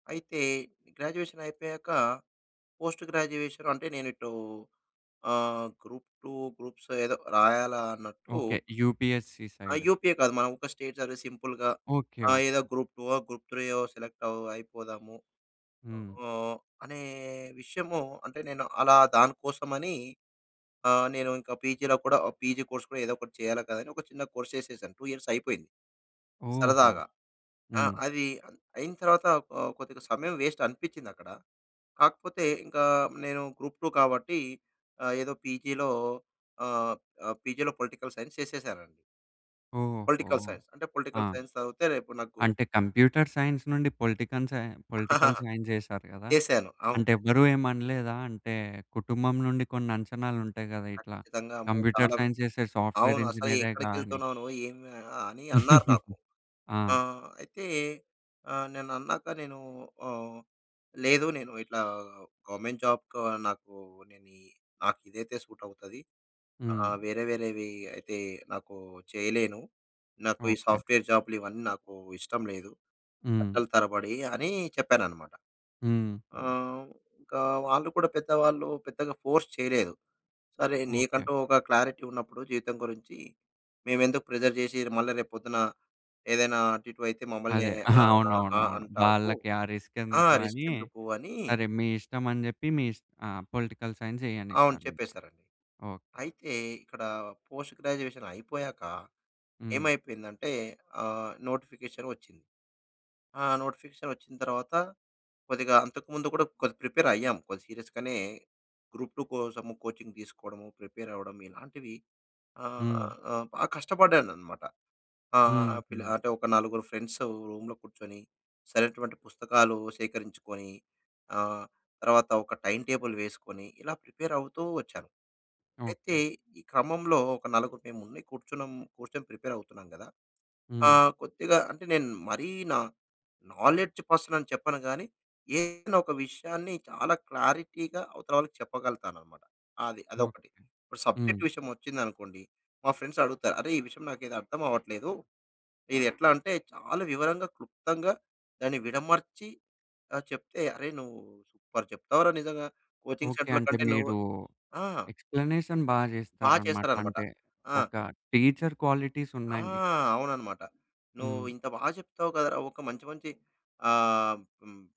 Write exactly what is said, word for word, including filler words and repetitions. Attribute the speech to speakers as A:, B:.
A: అయితే గ్రాడ్యుయేషన్ అయిపోయాక post graduation అంటే, నేను ఇటు ఆహ్, గ్రూప్-2, గ్రూప్స్ ఏదో రాయాలా అన్నట్టు
B: ఓకే. యూపీఎస్సీ
A: ఆ!
B: సైడు.
A: యూపీఏ కాదు. మనం ఒక స్టేట్ సర్వీస్ సింపుల్‌గా.
B: ఓకే.
A: ఆ!
B: ఓకే.
A: ఏదో గ్రూప్-2 ఓ, గ్రూప్-3 యో సెలెక్ట్ అవ్ అయిపోదాము.
B: హ్మ్.
A: ఆహ్, అనే విషయము అంటే నేను అలా దానికోసమని నేను ఇంకా పీజీలో కూడా పీజీ కోర్స్ కూడా ఏదో ఒకటి చేయాలి కదా! అని ఒక చిన్న కోర్స్ చేసేశాను. టూ ఇయర్స్ అయిపోయింది.
B: ఓహో!
A: సరదాగా. ఆ
B: హ్మ్.
A: అది అయిన తరువాత ఆహ్, కొద్దిగా సమయం పేస్ట్ అనిపిచ్చిందక్కడ. కాకపోతే ఇంకా నేను గ్రూప్-2 కాబట్టి ఏదో పీజీలో ఆహ్, పీజీలో పొలిటికల్ సైన్స్ చేసేసానండి.
B: ఓహో!
A: Political science. అంటే
B: ఆ!
A: పొలిటికల్ సైన్స్ చదివితే రేపు నాకు
B: అంటే కంప్యూటర్ సైన్స్ నుండి పొలిటికన్ సై పొలిటికల్ సైన్స్ చేసారు గదా!
A: చేశాను. అవు
B: అంటే ఎవరు ఏమనలేదా? అంటే కుటుంబం నుండి కొన్ని అంచనాలుంటాయి గదా! ఇట్లా
A: ఖచ్చితంగా. అమ్మో! చాలా
B: కంప్యూటర్ సైన్స్ చేసే సాఫ్ట్‌వేర్
A: అవును. అసలు
B: ఇంజినీరేగాని
A: ఎక్కడికెళ్తున్నావు నువ్వు? ఏమి అని అన్నారు నాకు.
B: ఆ!
A: ఆహ్, అయితే నేనన్నాక నేను ఆహ్, లేదు నేను ఇట్లా గవర్నమెంట్ జాబ్‌కు నాకు నేను నాకు ఇదైతే సూటవుతది.
B: హ్మ్.
A: ఆహ్, వేరే వేరేవి అయితే నాకు చేయలేను. నాకు ఈ
B: ఓకే.
A: సాఫ్ట్‌వేర్ జాబ్‌లు ఇవన్నీ నాకు ఇష్టం లేదు.
B: హ్మ్.
A: గంటలు తరబడి అని చెప్పాననమాట.
B: హుహు.
A: ఆహ్, ఇంకా వాళ్ళు కూడా పెద్దవాళ్ళు పెద్దగా ఫోర్స్ చేయలేదు. సరే
B: ఓకే.
A: నీకంటూ ఒక క్లారిటీ ఉన్నప్పుడు జీవితం గురించి మేమెందుకు ప్రెజర్ చేసి మళ్ళా రేపు పొద్దున ఏదైనా అటు ఇటు అయితే మమ్మల్ని
B: అదే.
A: ఆహ్, ఆ ఆ
B: అవునవునవును.
A: అంటావు.
B: వాళ్ళకి ఆ
A: ఆ!
B: రిస్కేందుకు
A: రిస్క్
B: అని
A: ఎందుకు అని
B: సరే, మీ ఇష్టమని చెప్పి మీ ఆ పొలిటికల్ సైన్స్
A: అవును
B: జెయ్యనిచ్చారనమాట.
A: చెప్పేసారండి.
B: ఓకే.
A: అయితే ఇక్కడ పోస్ట్ గ్రాడ్యుయేషన్ అయిపోయాక.
B: హ్మ్.
A: ఏమైపోయిందంటే? ఆహ్, నోటిఫికేషన్ వచ్చింది. ఆ! నోటిఫికేషన్ వచ్చిన తర్వాత, కొద్దిగా అంతకుముందు కూడా కొద్దిగా ప్రిపేర్ అయ్యాం. కొద్ది సీరియస్‌గానే గ్రూప్-2 కోసము కోచింగ్ తీసుకోవడము, ప్రిపేర్ అవ్వడం, ఇలాంటివి
B: హ్మ్.
A: ఆహ్, ఆహ్, బాగా కష్టపడ్డానన్నమాట. ఆహ్,
B: హుహు.
A: అంటే ఒక నలుగురు ఫ్రెండ్స్ రూమ్‌లో కూర్చొని, సరైనటువంటి పుస్తకాలు సేకరించుకొని, ఆహ్, తర్వాత ఒక టైమ్ టేబుల్ వేసుకొని ఇలా ప్రిపేర్ అవుతూ వచ్చాను. అయితే
B: ఓకే.
A: ఈ క్రమంలో ఒక నలుగురు మేము కూర్చున్నాం, కూర్చొని ప్రిపేర్ అవుతున్నాం గదా!
B: హ్మ్.
A: ఆహ్, కొద్దిగా అంటే నేను మరీ నా నాలెడ్జ్ పర్సనని చెప్పను గాని. ఏదైనా ఒక విషయాన్ని చాలా క్లారిటీగా అవతల వాళ్ళకి చెప్పగలతానన్నమాట. అది
B: ఓకే.
A: అదొకటి. ఇప్పుడు
B: హ్మ్.
A: సబ్జెక్ట్ విషయం వచ్చింది అనుకోండి మా ఫ్రెండ్స్ అడుగుతారు "అరె! ఈ విషయం నాకు అర్థమవ్వట్లేదు. ఇది ఎట్లా అంటే" చాలా వివరంగా, క్లుప్తంగా దాన్ని విడమర్చి చెప్తే, "అరె నువ్వు సూపర్ చెప్తావురా నిజంగా. Coaching
B: okay.
A: సెంటర్‌ల
B: అంటే
A: కంటే నువ్వు"
B: మీరు
A: ఆ!
B: ఎక్స్‌ప్లనేషన్ బాగా
A: బా
B: చేస్తారన్నమాట.
A: చేస్తారన్నమాట.
B: అంటే
A: ఆ!
B: ఒక టీచర్ క్వాలిటీస్
A: ఆ!
B: ఉన్నాయి మీకు.
A: అవునన్నమాట. "నువ్వు
B: హ్మ్.
A: ఇంత బాగా చెప్తావు కదరా! ఒక మంచి మంచి" ఆహ్, హ్మ్.